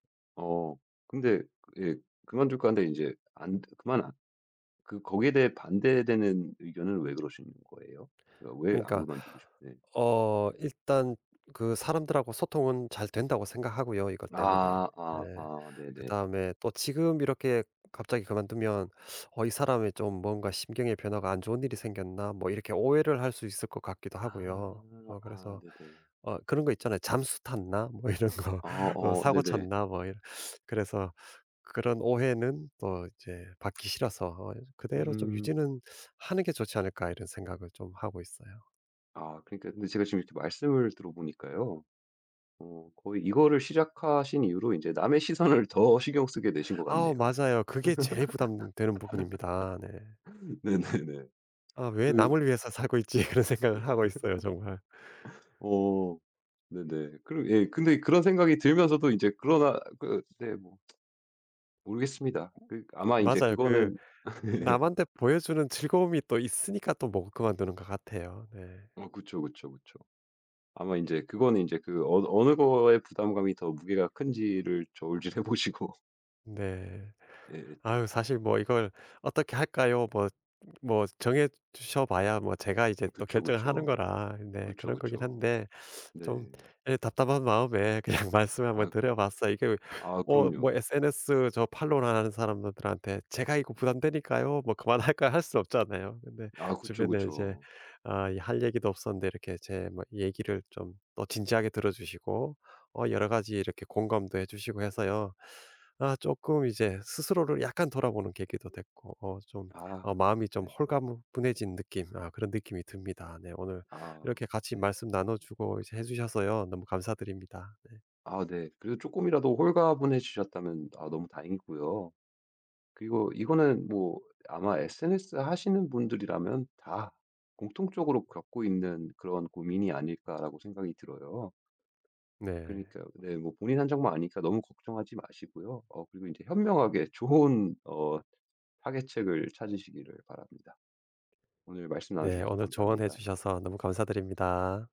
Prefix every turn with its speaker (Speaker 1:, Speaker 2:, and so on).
Speaker 1: 어. 근데 예 그만둘까 하는데 인제 안 그만 그 거기에 대해 반대되는 의견은 왜 그러시는 거예요? 그러니까 왜 안
Speaker 2: 그러니까
Speaker 1: 그만두고 싶은 네.
Speaker 2: 어 일단 그 사람들하고 소통은 잘 된다고 생각하고요, 이것 때문에.
Speaker 1: 아
Speaker 2: 예.
Speaker 1: 아 아 네네.
Speaker 2: 그다음에 또 지금 이렇게 갑자기 그만두면 어 이 사람이 좀 뭔가 심경의 변화가 안 좋은 일이 생겼나 뭐 이렇게 오해를 할 수 있을 것 같기도 하고요.
Speaker 1: 아
Speaker 2: 어
Speaker 1: 아
Speaker 2: 그래서
Speaker 1: 네네.
Speaker 2: 어 그런 거 있잖아요. '잠수 탔나?' 뭐 이런 거.
Speaker 1: 아
Speaker 2: '어
Speaker 1: 어
Speaker 2: 사고
Speaker 1: 네네.
Speaker 2: 쳤나?' 뭐 이런. 그래서 그런 오해는 어 이제 받기 싫어서 어 그대로 좀
Speaker 1: 음.
Speaker 2: 유지는 하는 게 좋지 않을까 이런 생각을 좀 하고 있어요.
Speaker 1: 아 그러니까 근데 제가 지금 이렇게 말씀을 들어보니까요. 어 거의 이거를 시작하신 이후로 이제 남의 시선을 더 신경 쓰게 되신 것
Speaker 2: 아
Speaker 1: 같네요.
Speaker 2: 맞아요. 그게 제일 부담되는 부분입니다. 네.
Speaker 1: 네네네.
Speaker 2: 아 왜
Speaker 1: 그
Speaker 2: 남을 위해서 살고 있지. 그런 생각을 하고 있어요 정말.
Speaker 1: 어 네네. 그런 예 근데 그런 생각이 들면서도 인제 그러다 그 네 뭐 모르겠습니다. 그 아마 인제
Speaker 2: 맞아요. 그
Speaker 1: 그거는 네네.
Speaker 2: 남한테 보여주는 즐거움이 또 있으니까 또 못 그만두는 것 같아요. 네.
Speaker 1: 아 그쵸, 그쵸, 그쵸. 아마 인제 그거는 인제 그 어 어느 거에 부담감이 더 무게가 큰지를 저울질해 보시고
Speaker 2: 네.
Speaker 1: 예예.
Speaker 2: 아유 사실 뭐 이걸 어떻게 할까요? 뭐 뭐 정해 주셔 봐야 뭐 제가 이제 또
Speaker 1: 그쵸,
Speaker 2: 결정을 하는
Speaker 1: 그쵸.
Speaker 2: 거라 네
Speaker 1: 그쵸,
Speaker 2: 그런 거긴
Speaker 1: 그쵸.
Speaker 2: 한데 좀
Speaker 1: 네.
Speaker 2: 예 답답한 마음에 그냥 말씀을 한번
Speaker 1: 아.
Speaker 2: 드려봤어요. 이게
Speaker 1: 아
Speaker 2: 뭐 뭐
Speaker 1: 그럼요.
Speaker 2: sns 저 follow하는 사람들한테 "제가 이거 부담되니까요. 뭐 그만할까요?" 할 수 없잖아요. 근데
Speaker 1: 아 그쵸,
Speaker 2: 주변에 이제
Speaker 1: 그쵸.
Speaker 2: 아 이 할 얘기도 없었는데 이렇게 제 뭐 얘기를 좀 또 진지하게 들어주시고 어 여러 가지 이렇게 공감도 해주시고 해서요. 아 조금 이제 스스로를 약간 돌아보는 계기도 됐고 어 좀 어
Speaker 1: 아
Speaker 2: 마음이 좀
Speaker 1: 네.
Speaker 2: 홀가무 분해진 느낌 아 그런 느낌이 듭니다. 네 오늘
Speaker 1: 아
Speaker 2: 이렇게 같이
Speaker 1: 네.
Speaker 2: 말씀 나눠주고 이제 해 주셔서요. 너무 감사드립니다. 네.
Speaker 1: 아 네. 그래도 조금이라도 홀가분해지셨다면 어 너무 다행이고요. 그리고 이거는 뭐 아마 sns 하시는 분들이라면 다 공통적으로 겪고 있는 그런 고민이 아닐까라고 생각이 들어요.
Speaker 2: 네.
Speaker 1: 그러니까요. 네 뭐 본인 한정만 아니니까 너무 걱정하지 마시고요. 어 그리고 현명하게 좋은 어 타개책을 찾으시기를 바랍니다. 오늘 말씀
Speaker 2: 네.
Speaker 1: 나눠주셔서
Speaker 2: 오늘 조언해
Speaker 1: 감사합니다.
Speaker 2: 주셔서 너무 감사드립니다.